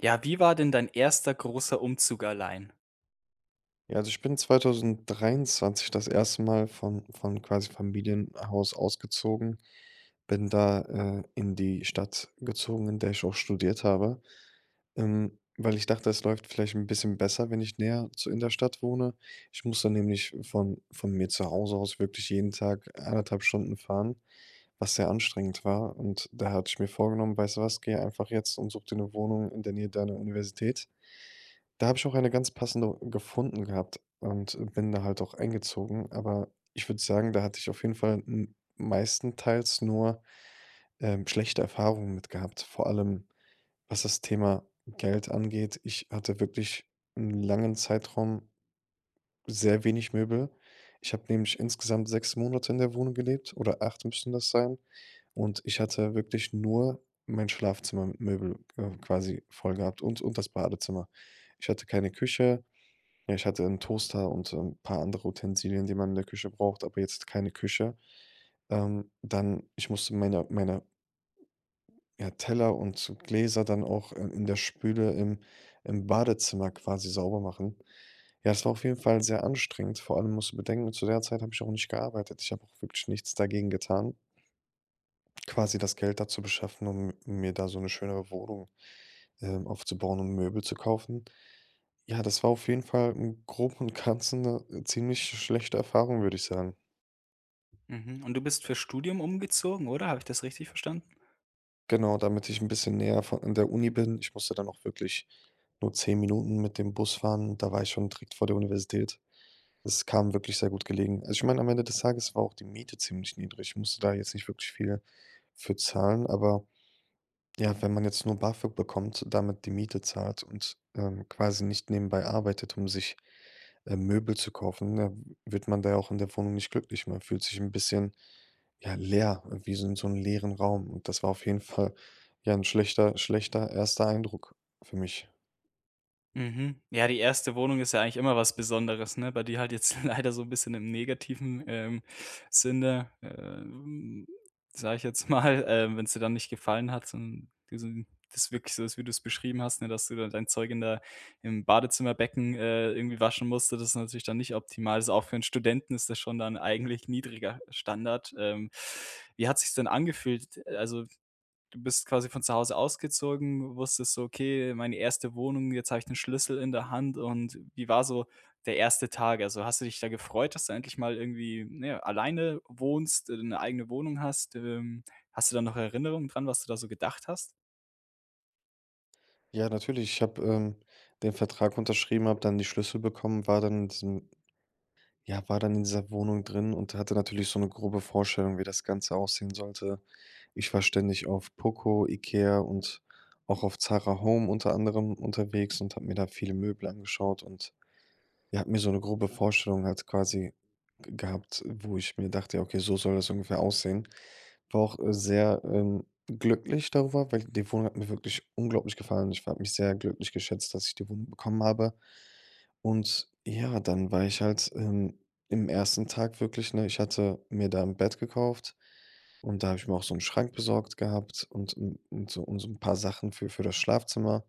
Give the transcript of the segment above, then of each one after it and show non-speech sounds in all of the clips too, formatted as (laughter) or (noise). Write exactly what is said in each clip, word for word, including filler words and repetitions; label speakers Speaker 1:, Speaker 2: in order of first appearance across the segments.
Speaker 1: Ja, wie war denn dein erster großer Umzug allein?
Speaker 2: Ja, also ich bin zweitausenddreiundzwanzig das erste Mal von von, quasi, Familienhaus ausgezogen. Bin da, äh, in die Stadt gezogen, in der ich auch studiert habe. Ähm, weil ich dachte, es läuft vielleicht 'n bisschen besser, wenn ich näher zu in der Stadt wohne. Ich muss da nämlich von von mir zu Hause aus wirklich jeden Tag anderthalb Stunden fahren, was sehr anstrengend war. Und daher hatte ich mir vorgenommen: „Weißt du was, gehe einfach jetzt und such dir 'ne Wohnung in der Nähe deiner Universität.“ Da habe ich auch eine ganz passende gefunden gehabt und bin da halt auch eingezogen. Aber ich würde sagen, da hatte ich auf jeden Fall m meistenteils nur, ähm, schlechte Erfahrungen mit gehabt, vor allem, was das Thema Geld angeht. Ich hatte wirklich 'nen langen Zeitraum sehr wenig Möbel. Ich habe nämlich insgesamt sechs Monate in der Wohnung gelebt, oder acht müssten das sein. Und ich hatte wirklich nur in mein Schlafzimmer Möbel, äh, quasi voll gehabt und und das Badezimmer. Ich hatte keine Küche. Ja, ich hatte 'n Toaster und 'n paar andere Utensilien, die man in der Küche braucht, aber jetzt keine Küche. Ähm, dann, ich musste meine meine ja, Teller und so Gläser dann auch, äh, in der Spüle im im Badezimmer quasi sauber machen. Ja, das war auf jeden Fall sehr anstrengend. Vor allem musst du bedenken, zu der Zeit habe ich auch nicht gearbeitet. Ich habe auch wirklich nichts dagegen getan quasi das Geld da zu beschaffen, um mir da so 'ne schönere Wohnung, ähm, aufzubauen und Möbel zu kaufen. Ja, das war auf jeden Fall im Groben und Ganzen 'ne ziemlich schlechte Erfahrung, würde ich sagen.
Speaker 1: Mhm, und du bist fürs Studium umgezogen, oder? Habe ich das richtig verstanden?
Speaker 2: Genau, damit ich 'n bisschen näher vo an der Uni bin. Ich musste dann auch wirklich nur zehn Minuten mit dem Bus fahren, da war ich schon direkt vor der Universität. Es kam wirklich sehr gut gelegen. Also, ich meine, am Ende des Tages war auch die Miete ziemlich niedrig. Ich musste da jetzt nicht wirklich viel für zahlen, aber, ja, wenn man jetzt nur BAföG bekommt, damit die Miete zahlt und, ähm, quasi nicht nebenbei arbeitet, um sich, ähm, Möbel zu kaufen, dann wird man da ja auch in der Wohnung nicht glücklich. Man fühlt sich 'n bisschen, ja, leer wie so 'n so 'n leeren Raum. Und das war auf jeden Fall ja ein schlechter schlechter erster Eindruck für mich.
Speaker 1: Mhm, ja, die erste Wohnung ist ja eigentlich immer was Besonderes, ne? Bei dir halt jetzt leider so 'n bisschen im negativen, ähm, Sinne, äh, hm, sage ich jetzt mal. Ähm, wenn's dir dann nicht gefallen hat, son diesen das wirklich so ist, wie du es beschrieben hast, ne, dass du da dein Zeug in der im Badezimmerbecken, äh, irgendwie waschen musst, so das ist natürlich dann nicht optimal. Also, auch für 'n Studenten ist das schon dann eigentlich niedriger Standard. Ähm, wie hat sich's denn angefühlt, äh, also, du bist quasi von zu Hause ausgezogen, wusstest so: „Okay, meine erste Wohnung, jetzt habe ich den Schlüssel in der Hand.“ Und wie war so der erste Tag? Also, hast du dich da gefreut, dass du endlich mal irgendwie, ja, alleine wohnst, 'ne eigene Wohnung hast? Ähm, hast du da noch Erinnerung dran, was du da so gedacht hast?
Speaker 2: Ja, natürlich, ich habe, ähm, den Vertrag unterschrieben, habe dann die Schlüssel bekommen, war dann in diesem ja, war dann in dieser Wohnung drin und hatte natürlich so 'ne grobe Vorstellung, wie das Ganze aussehen sollte. Ich war ständig auf Poco, Ikea und auch auf Zara Home unter anderem unterwegs und habe mir da viele Möbel angeschaut. Und, ja, habe mir so eine grobe Vorstellung halt quasi g gehabt, wo ich mir dachte: „Ja, okay, so soll das ungefähr aussehen.“ War auch sehr, ähm, glücklich darüber, weil die Wohnung hat mir wirklich unglaublich gefallen. Ich war habe mich sehr glücklich geschätzt, dass ich die Wohnung bekommen habe. Und ja, dann war ich halt, ähm, im ersten Tag wirklich, ne ich hatte mir da 'n Bett gekauft und da habe ich mir auch so 'n Schrank besorgt gehabt und un und so und so 'n paar Sachen für für das Schlafzimmer.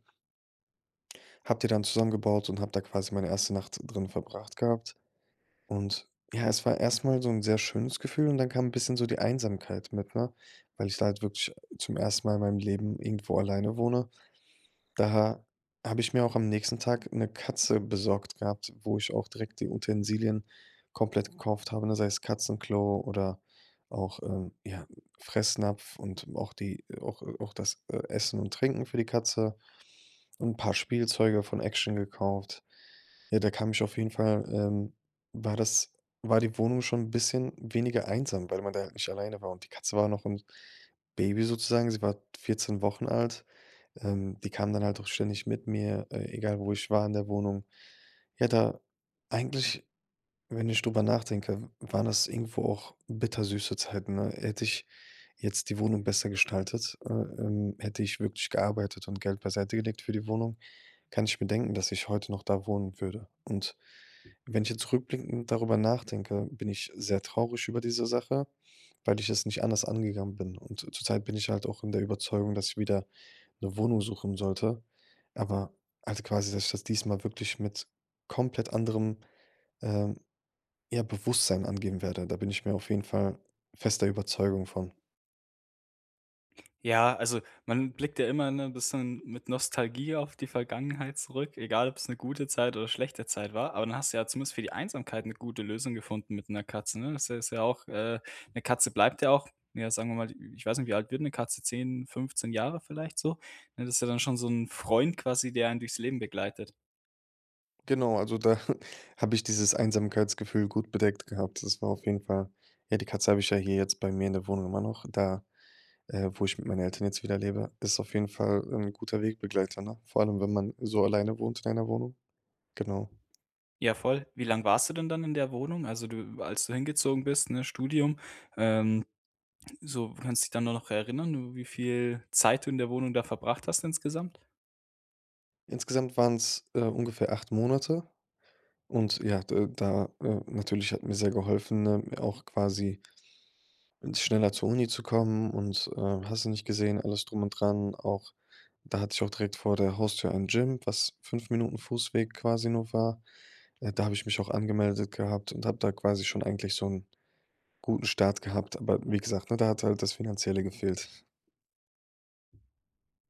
Speaker 2: Habe die dann zusammengebaut und habe da quasi meine erste Nacht drin verbracht gehabt. Und, ja, es war erstmal so 'n sehr schönes Gefühl und dann kam 'n bisschen so die Einsamkeit mit, ne? Weil ich da halt wirklich zum ersten Mal in meinem Leben irgendwo alleine wohne. Da habe ich mir auch am nächsten Tag 'ne Katze besorgt gehabt, wo ich auch direkt die Utensilien komplett gekauft habe, ne? Sei es Katzenklo oder auch, ähm, ja, Fressnapf und auch die, äh auch auch das, äh, Essen und Trinken für die Katze. 'N paar Spielzeuge von Action gekauft. Ja, da kam ich auf jeden Fall, ähm war das war die Wohnung schon 'n bisschen weniger einsam, weil man da halt nicht alleine war. Und die Katze war noch 'n Baby sozusagen, sie war vierzehn Wochen alt. Ähm, die kam dann halt auch ständig mit mir, äh, egal wo ich war in der Wohnung. Ja da eigentlich, wenn ich darüber nachdenke, w waren das irgendwo auch bittersüße Zeiten, ne? Hätte ich jetzt die Wohnung besser gestaltet, äh, ähm, hätte ich wirklich gearbeitet und Geld beiseite gelegt für die Wohnung, kann ich bedenken, dass ich heute noch da wohnen würde. Und wenn ich jetzt zurückblickend darüber nachdenke, bin ich sehr traurig über diese Sache, weil ich es nicht anders angegangen bin. Und zur Zeit bin ich halt auch in der Überzeugung, dass ich wieder 'ne Wohnung suchen sollte. Aber halt quasi, dass ich das diesmal wirklich mit komplett anderem, ähm, ja, Bewusstsein angehen werde. Da bin ich mir auf jeden Fall fester Überzeugung von.
Speaker 1: Ja, also, man blickt ja immer, ne, 'n bisschen mit Nostalgie auf die Vergangenheit zurück. Egal ob es 'ne gute Zeit oder schlechte Zeit war. Aber dann hast du ja zumindest für die Einsamkeit 'ne gute Lösung gefunden mit 'ner Katze, ne? Das, äh, ist ja auch, äh 'ne Katze bleibt ja auch, ja, sagen wir mal ich weiß nicht, wie alt wird 'ne Katze? zehn, fünfzehn Jahre vielleicht so, ne? Das ist ja dann schon so 'n Freund quasi, der einen durchs Leben begleitet.
Speaker 2: Genau, also, da habe ich dieses Einsamkeitsgefühl gut bedeckt gehabt. Das war auf jeden Fall, ja, die Katze habe ich ja hier jetzt bei mir in der Wohnung immer noch da, äh, wo ich mit meinen Eltern jetzt wieder lebe. Ist auf jeden Fall ein guter Wegbegleiter, ne? Vor allem, wenn man so alleine wohnt in einer Wohnung. Genau.
Speaker 1: Ja, voll. Wie lange warst du denn dann in der Wohnung? Also, du als du hingezogen bist, ne, Studium. Ähm, so, kannst du dich dann da noch erinnern, wie viel Zeit du in der Wohnung da verbracht hast insgesamt?
Speaker 2: Insgesamt waren's, äh, ungefähr acht Monate und ja, da da äh, natürlich hat mir sehr geholfen, mir auch quasi, n schneller zur Uni zu kommen. Und, äh, hast du nicht gesehen, alles drum und dran. Auch da hatte ich auch direkt vor der Haustür ein Gym, was fünf Minuten Fußweg quasi nur war. Ja, da habe ich mich auch angemeldet gehabt und habe da quasi schon eigentlich so 'n guten Start gehabt. Aber wie gesagt, ne, da hat halt das Finanzielle gefehlt.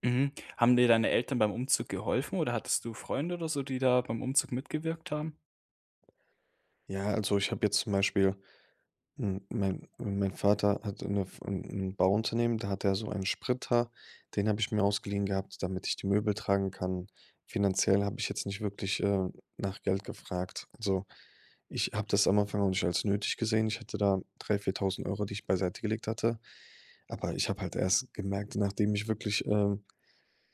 Speaker 1: Mhm. Haben dir deine Eltern beim Umzug geholfen oder hattest du Freunde oder so, die da beim Umzug mitgewirkt haben?
Speaker 2: Ja, also ich habe jetzt zum Beispiel, hm, mein mein mein Vater hatte ‘ne f ‘n ‘n Bauunternehmen, da hat er so ein Sprinter, den habe ich mir ausgeliehen gehabt, damit ich die Möbel tragen kann. Finanziell habe ich jetzt nicht wirklich, äh, nach Geld gefragt. Also, ich habe das am Anfang auch nicht als nötig gesehen. Ich hatte da drei viertausend Euro, die ich beiseite gelegt hatte. Aber, ich habe halt erst gemerkt, nachdem ich wirklich, ähm,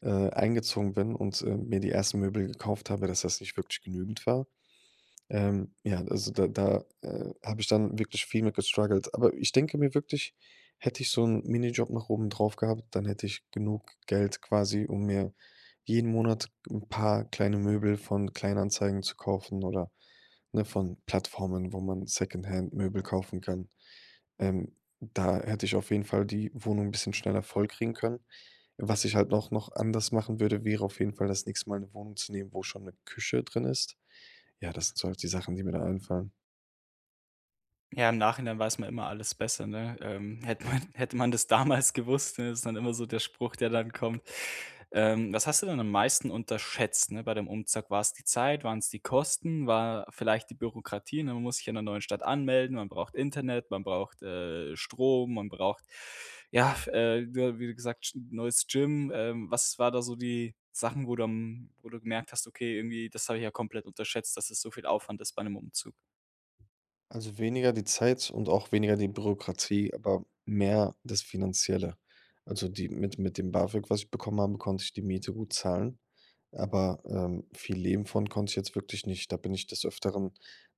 Speaker 2: äh, eingezogen bin und, äh, mir die ersten Möbel gekauft habe, dass das nicht wirklich genügend war. Ähm, ja, also, da da, äh, habe ich dann wirklich viel mehr gestruggelt. Aber, ich denke mir wirklich, hätte ich so ‘n Minijob noch oben drauf gehabt, dann hätte ich genug Geld quasi, um mir jeden Monat ‘n paar kleine Möbel von Kleinanzeigen zu kaufen oder, ne, von Plattformen, wo man Secondhandmöbel kaufen kann. Ähm, da hätte ich auf jeden Fall die Wohnung ‘n bisschen schneller voll kriegen können. Was ich halt auch noch anders machen würde, wäre auf jeden Fall das nächste Mal ‘ne Wohnung zu nehmen, wo schon ‘ne Küche drin ist. Ja, das sind so halt die Sachen, die mir da einfallen.
Speaker 1: Ja, im Nachhinein weiß man immer alles besser, ne? Ähm. Hätte man hätte man das damals gewusst, ne, ist dann immer so der Spruch, der dann kommt. Ähm, was hast du denn am meisten unterschätzt, ne, bei dem Umzug? War's die Zeit, waren's die Kosten? War vielleicht die Bürokratie, ne, man muss sich in der neuen Stadt anmelden. Man braucht Internet, man braucht, äh, Strom, man braucht, ja, f ja, äh, ja, wie gesagt, G neues Gym. Ähm, was war da so die Sachen, wo du am wo du gemerkt hast: „Okay, irgendwie, das habe ich ja komplett unterschätzt, dass es so viel Aufwand ist bei 'nem Umzug?“
Speaker 2: Also weniger die Zeit und auch weniger die Bürokratie, aber mehr das Finanzielle. Also die mit mit dem BAföG, was ich bekommen habe, konnte ich die Miete gut zahlen, aber, ähm, viel Leben von konnte ich jetzt wirklich nicht. Da bin ich des Öfteren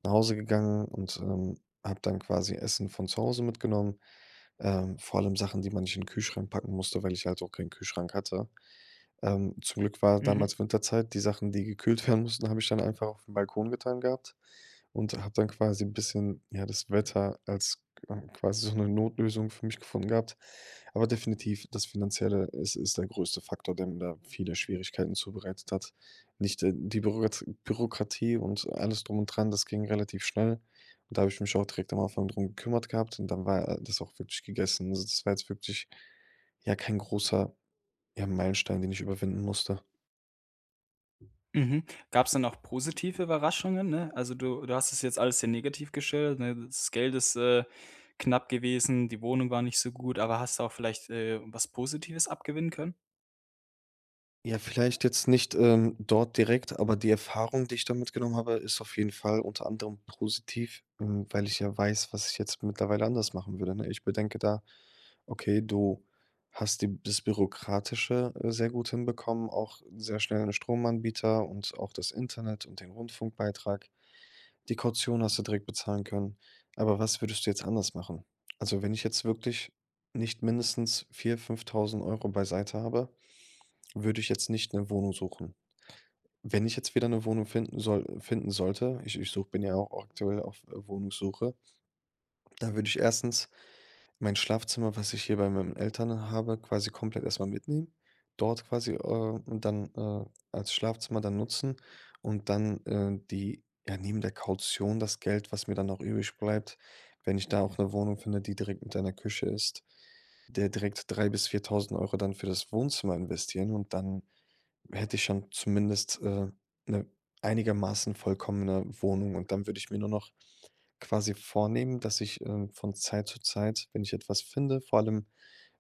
Speaker 2: nach Hause gegangen und, ähm, habe dann quasi Essen von zu Hause mitgenommen. Ähm, vor allem Sachen, die man nicht in den Kühlschrank packen musste, weil ich halt auch keinen Kühlschrank hatte. Ähm, zum Glück war
Speaker 1: Mhm.
Speaker 2: damals Winterzeit. Die Sachen, die gekühlt werden mussten, habe ich dann einfach auf den Balkon getan gehabt. Und hatte dann quasi 'n bisschen, ja, das Wetter als q quasi so 'ne Notlösung für mich gefunden gehabt. Aber definitiv das Finanzielle, es ist der größte Faktor, der mir da viele Schwierigkeiten zubereitet hat. Nicht die Bürokrat Bürokratie und alles drum und dran, das ging relativ schnell. Und da habe ich mich auch direkt am Anfang darum gekümmert gehabt und dann war, äh, das auch wirklich gegessen. Also, das war jetzt wirklich, ja, kein großer, ja, Meilenstein, den ich überwinden musste.
Speaker 1: Mhm. Gab's dann auch positive Überraschungen, ne? Also, du du hast das jetzt alles sehr negativ gestellt, ne? Das Geld ist, äh, knapp gewesen. Die Wohnung war nicht so gut. Aber hast du auch vielleicht, äh, was Positives abgewinnen können?
Speaker 2: Ja, vielleicht jetzt nicht, ähm, dort direkt. Aber die Erfahrung, die ich da mitgenommen habe, ist auf jeden Fall unter anderem positiv, hm, weil ich ja weiß, was ich jetzt mittlerweile anders machen würde, ne? Ich bedenke da: „Okay, du hast die das bürokratische, äh, sehr gut hinbekommen, auch sehr schnell 'n Stromanbieter und auch das Internet und den Rundfunkbeitrag. Die Kaution hast du direkt bezahlen können. Aber was würdest du jetzt anders machen?“ Also, wenn ich jetzt wirklich nicht mindestens vier, fünftausend Euro beiseite habe, würde ich jetzt nicht 'ne Wohnung suchen. Wenn ich jetzt wieder 'ne Wohnung finden soll finden sollte, ich ich suche bin ja auch aktuell auf Wohnungssuche dann würde ich erstens mein Schlafzimmer, was ich hier bei meinen Eltern habe, quasi komplett erstmal mitnehmen, dort quasi, äh, dann, äh, als Schlafzimmer dann nutzen und dann, äh, die ja, neben der Kaution das Geld, was mir dann auch übrig bleibt, wenn ich da auch 'ne Wohnung finde, die direkt mit einer Küche ist, der direkt drei bis viertausend Euro dann für das Wohnzimmer investieren und dann hätte ich schon zumindest, äh, 'ne einigermaßen vollkommene Wohnung. Und dann würde ich mir nur noch quasi vornehmen, dass ich, ähm, von Zeit zu Zeit, wenn ich etwas finde, vor allem,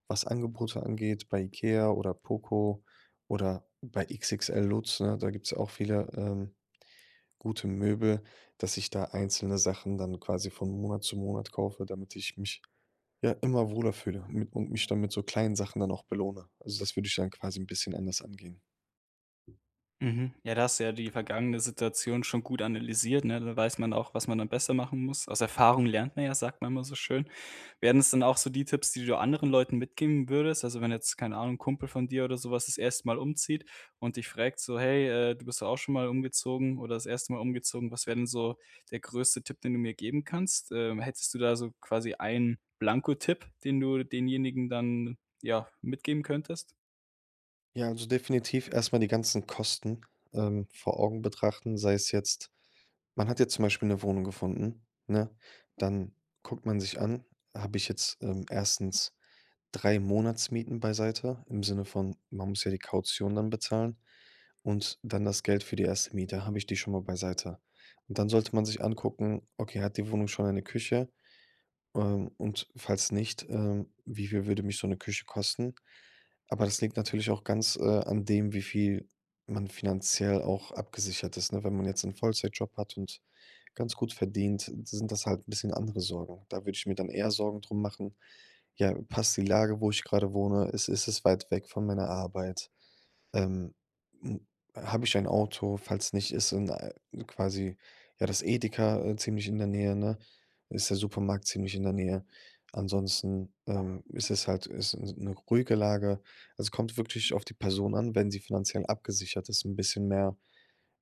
Speaker 2: was Angebote angeht, bei Ikea oder Poco oder bei XXL Lutz, ne, da gibt's auch viele, ähm, gute Möbel, dass ich da einzelne Sachen dann quasi von Monat zu Monat kaufe, damit ich mich, ja, immer wohler fühle und mi und mich dann mit so kleinen Sachen dann auch belohne. Also, das würde ich dann quasi 'n bisschen anders angehen.
Speaker 1: Mhm. Ja, da hast du ja die vergangene Situation schon gut analysiert, ne? Da weiß man auch, was man dann besser machen muss. „Aus Erfahrung lernt man ja,“ sagt man immer so schön. Wären es dann auch so die Tipps, die du anderen Leuten mitgeben würdest? Also, wenn jetzt, keine Ahnung, 'n Kumpel von dir oder sowas das erste Mal umzieht und dich frägt so: „Hey, äh, du bist doch auch schon mal umgezogen oder das erste Mal umgezogen. Was wäre denn so der größte Tipp, den du mir geben kannst?“, ähm, hättest du da so quasi einen blanko Tipp, den du denjenigen dann, ja, mitgeben könntest?
Speaker 2: Ja, also, definitiv erstmal die ganzen Kosten, ähm, vor Augen betrachten. Sei es jetzt man hat jetzt zum Beispiel 'ne Wohnung gefunden, ne? Dann guckt man sich an, habe ich jetzt, ähm, erstens drei Monatsmieten beiseite, im Sinne von, man muss ja die Kaution dann bezahlen. Und dann das Geld für die erste Miete, habe ich die schon mal beiseite? Und dann sollte man sich angucken: „Okay, hat die Wohnung schon eine Küche? Ähm, und falls nicht, ähm, wie viel würde mich so 'ne Küche kosten?“ Aber das liegt natürlich auch ganz, äh, an dem, wie viel man finanziell auch abgesichert ist, ne? Wenn man jetzt 'n Vollzeitjob hat und ganz gut verdient, sind das halt 'n bisschen andere Sorgen. Da würde ich mir dann eher Sorgen drum machen: „Ja, passt die Lage, wo ich gerade wohne, ist ist es weit weg von meiner Arbeit? Ähm, hm, habe ich ein Auto, falls nicht, ist so 'n, äh, quasi, ja das Edeka, äh, ziemlich in der Nähe, ne? Ist der Supermarkt ziemlich in der Nähe? Ansonsten, ähm, ist es halt ist s 'ne ruhige Lage?“ Es kommt wirklich auf die Person an, wenn sie finanziell abgesichert ist, 'n bisschen mehr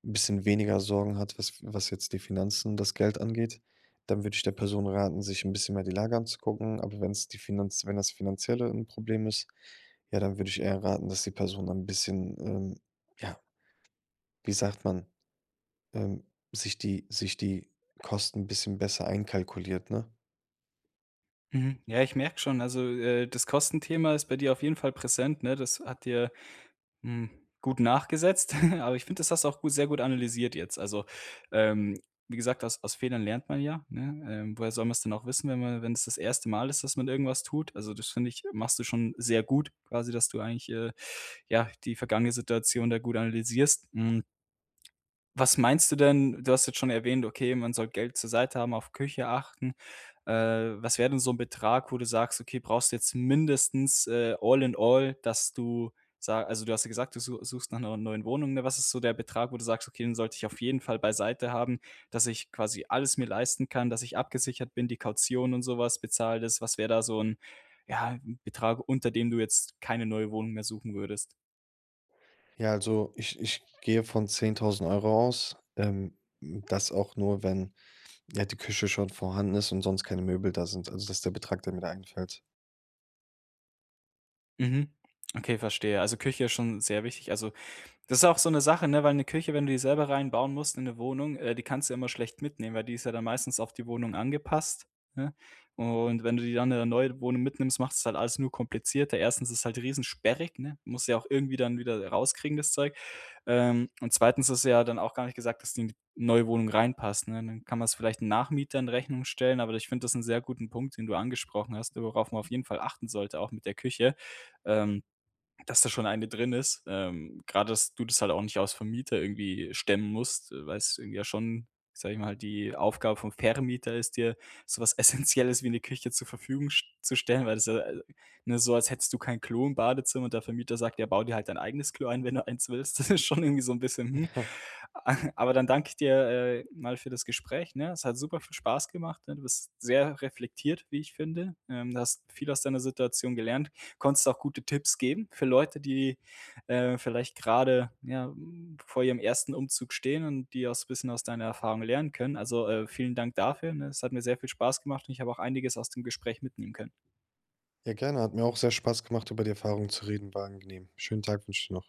Speaker 2: 'n bisschen weniger Sorgen hat, was was jetzt die Finanzen das Geld angeht, dann würde ich der Person raten, sich 'n bisschen mehr die Lage anzugucken. Aber wenn's die Finanz wenn das Finanzielle 'n Problem ist, ja, dann würde ich eher raten, dass die Person ein bisschen, ähm, ja wie sagt man, ähm, sich die sich die Kosten 'n bisschen besser einkalkuliert, ne?
Speaker 1: Mhm, ja, ich merke schon, also, äh, das Kostenthema ist bei dir auf jeden Fall präsent, ne? Das hat dir, hm, gut nachgesetzt. (chuckles) Aber ich finde, das hast du auch sehr gut analysiert jetzt. Also, ähm, wie gesagt, aus aus Fehlern lernt man ja, ne? Ähm, woher soll man's denn auch wissen, wenn man wenn's das erste Mal ist, dass man irgendwas tut. Also, das finde ich, machst du schon sehr gut, quasi, dass du eigentlich, äh, ja, die vergangene Situation da gut analysierst, hm Was meinst du denn? Du hast jetzt schon erwähnt: „Okay, man soll Geld zur Seite haben, auf Küche achten.“ Äh, was wäre denn so 'n Betrag, wo du sagst: „Okay, brauchst du jetzt mindestens, äh, all in all,“ dass du sa also, du hast ja gesagt, du su suchst nach 'ner neuen Wohnung, was ist so der Betrag, wo du sagst: „Okay, den sollte ich auf jeden Fall beiseite haben, dass ich quasi alles mir leisten kann, dass ich abgesichert bin, die Kaution und sowas bezahlt ist.” Was wäre da so 'n, ja, 'n Betrag, unter dem du jetzt keine neue Wohnung mehr suchen würdest?
Speaker 2: Ja, also, ich ich gehe von zehntausend Euro aus. Ähm, das auch nur, wenn, ja, die Küche schon vorhanden ist und sonst keine Möbel da sind, also, dass der Betrag, der mir da einfällt.
Speaker 1: Mhm, okay, verstehe. Also, Küche ist schon sehr wichtig. Also, das ist auch so 'ne Sache, ne, weil 'ne Küche, wenn du die selber rein bauen musst in 'ne Wohnung, äh, die kannst du ja immer schlecht mitnehmen, weil die ist ja dann meistens auf die Wohnung angepasst, ne? Und, wenn du die dann in 'ne neue Wohnung mitnimmst, macht's halt alles nur komplizierter. erstens ist es halt riesensperrig, ne? Musst ja auch irgendwie dann wieder, äh, rauskriegen, das Zeug. Ähm, und zweitens ist es ja dann auch gar nicht gesagt, dass die in die neue Wohnung reinpasst, ne? Dann kann man es vielleicht Nachmietern in Rechnung stellen, aber ich finde das ist 'n sehr guten Punkt, den du angesprochen hast, worauf man auf jeden Fall achten sollte, auch mit der Küche, ähm, dass da schon eine drin ist. Ähm, gerade, dass du das halt auch nicht als Vermieter irgendwie stemmen musst, weil es irgendwie ja schon, sage ich mal, die Aufgabe vom Vermieter ist dir sowas essenzielles wie 'ne Küche zur Verfügung sch zu stellen, weil das, ja, ne, so, als hättest du kein Klo im Badezimmer und der Vermieter sagt: „Ja, bau dir halt dein eigenes Klo ein, wenn du eins willst.“ Das ist schon irgendwie so 'n bisschen, hm.
Speaker 2: Ja.
Speaker 1: (chuckles) Aber, dann danke ich dir, äh, mal für das Gespräch, ne? Es hat super viel spaß gemacht, ne? Du bist sehr reflektiert, wie ich finde. Ähm, du hast viel aus deiner Situation gelernt. Konntest auch gute Tipps geben für Leute, die, äh, vielleicht gerade, ja, hm, vor ihrem ersten Umzug stehen und auch so bisschen aus deiner Erfahrung lernen können. Also, äh, vielen Dank dafür, ne? Es hat mir sehr viel Spaß gemacht und ich habe auch einiges aus dem Gespräch mitnehmen können.
Speaker 2: Ja, gerne, hat mir auch sehr Spaß gemacht über die Erfahrung zu reden, war angenehm. Schönen Tag wünsche ich dir noch.